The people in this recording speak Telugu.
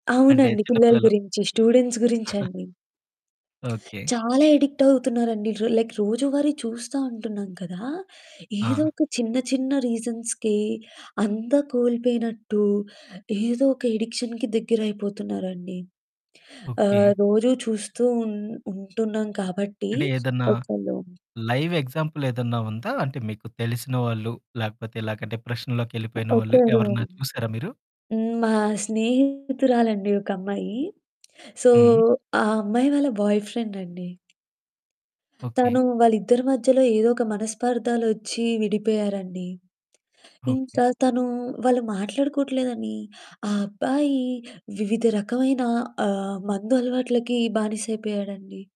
అంటే అవునండి. చిన్న పిల్లల పిల్లలు గురించి స్టూడెంట్స్ గురించండి. ఓకె. చాలా యడిక్ట్ అవుతున్నారండి. ర లైక్ రోజువారీ చూస్తా ఉంటున్నాం కదా! ఏదో ఆ! ఒక చిన్న చిన్న రీజన్స్‌కే అంతా కోల్పోయినట్టు, ఏదోక యడిక్షన్‌కి దగ్గరైపోతున్నారండి. ఓకె. ఆహ్, రోజూ చూస్తూ ఉన్ ఉంటున్నాం కాబట్టి, అంటే ఏదన్నా ఒక్కలుమ్ లైవ్ ఎగ్జాంపులేదన్నా ఉందా? అంటే మీకు తెలిసిన వాళ్ళు, లేకపోతే ఇలాగ డిప్రెషన్‌లోకెళ్ళిపోయిన వాళ్ళు ఓకె. ఎవరైనా [unintelligible] చూసారా మీరు? హ్మ్. మా స్నేహితురాలండి ఒకమ్మాయి. సో, హ్మ్. ఆ అమ్మాయి వాళ్ళ బాయ్‌ఫ్రెండ్ అండి. తను ఓకె. వాళ్ళిద్దరి మధ్యలో ఏదోక మనస్పార్ధాలొచ్చి విడిపోయారండి. ఓకె. ఇంకా తను వాళ్ళు మాట్లాడుకోవట్లేదని ఆ అబ్బాయి వివిధ రకమైన ఆహ్, మందు అలవాట్లకి బానిసైపోయాడండి.